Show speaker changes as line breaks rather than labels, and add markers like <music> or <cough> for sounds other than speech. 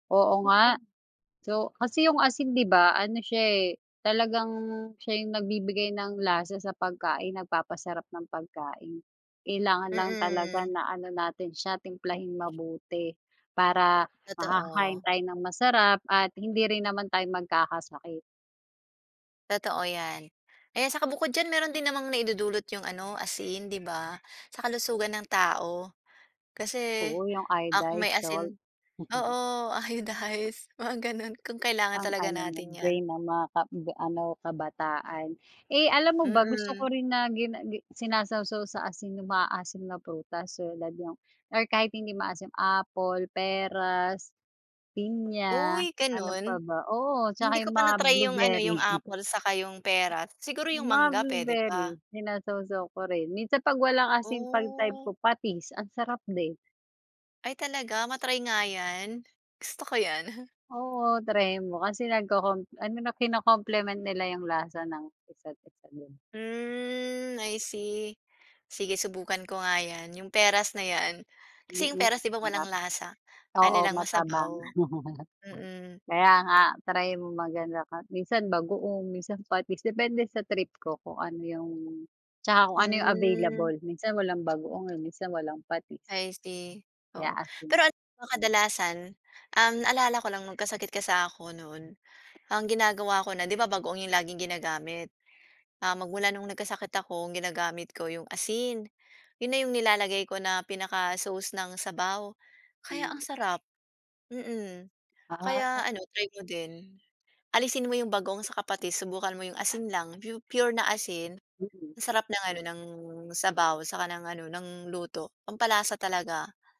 Oo nga. So, kasi yung asin, 'di ba, ano siya eh, talagang siya yung nagbibigay ng lasa sa pagkain, nagpapasarap ng pagkain, kailangan lang talaga
Mm.
na ano natin siya, timplahing mabuti, para makakakain
Totoo.
tayo ng masarap at hindi rin naman tayo magkakasakit.
Totoo yan. Ayan, saka bukod diyan, meron din namang naidudulot 'yong ano, asin, 'di ba, sa kalusugan ng tao. Kasi,
Oo, yung
ako may
iodize salt.
asin
<chuckles>
oo, iodize, mga gano'n kung kailangan
Ang
talaga
ano
natin
no'n,
yan.
brain ng mga ka ga ano, kabataan. Eh, alam mo ba, gusto ko
Mm.
rin na gin gi sinasaw sa asin yung maaasim na prutas tulad yung or kahit hindi maasim, apple, peras, pinya,
Uy!
ano pa
Gano'n?
ba? Oo,
Hindi
tsaka
ko
yung
pa
mga
na-try yung ano,
blueberry.
yung apple, saka yung peras, siguro
Yung
yung
mga
mangga, puwede pa.
blueberry, sinasawsaw ko rin. Minsan, 'pag wala kasing 'pag type ko,
Oh.
patis, ang sarap din.
Ay, talaga ma-try nga yan, gusto ko yan. <chuckles>
Oo, try mo, kasi nagko-com ano na, kino-compliment nila yung lasa ng isa't isa din.
Hmm, I see. Sige subukan ko nga yan, 'yong peras na yan, kasi 'yong
Mm,
peras, 'di ba,
sarap.
walang lasa? Ano
Oo,
lang
matabang.
masabaw.
<laughs>
Mm.
Kaya nga, try mo maganda ka minsan bagoong, minsan patis, depende sa trip ko, kung ano yung, tsaka kung ano yung
Hmm.
available, minsan walang bagoong, eh, minsan walang patis.
I see,
Kaya
oo,
asin.
pero alam mo, kadalasan, ang naalala ko lang, nagkasakit ka sa ako no'n, ang ginagawa ko na, 'di ba, bagoong 'yong laging ginagamit? Ah, magmula noong nagkasakit ako, ang ginagamit ko 'yong asin. 'Yon na 'yong nilalagay ko na pinaka-sauce ng sabaw, kaya ang
Hmm.
sarap. Mm.
Ah.
Kaya ano, try mo din, alisin mo 'yong bagoong, saka patis, subukan mo 'yong asin lang, pure na asin.
Mm.
Ang sarap ng ano, ng sabaw saka ng ano, ng luto, pampalasa talaga.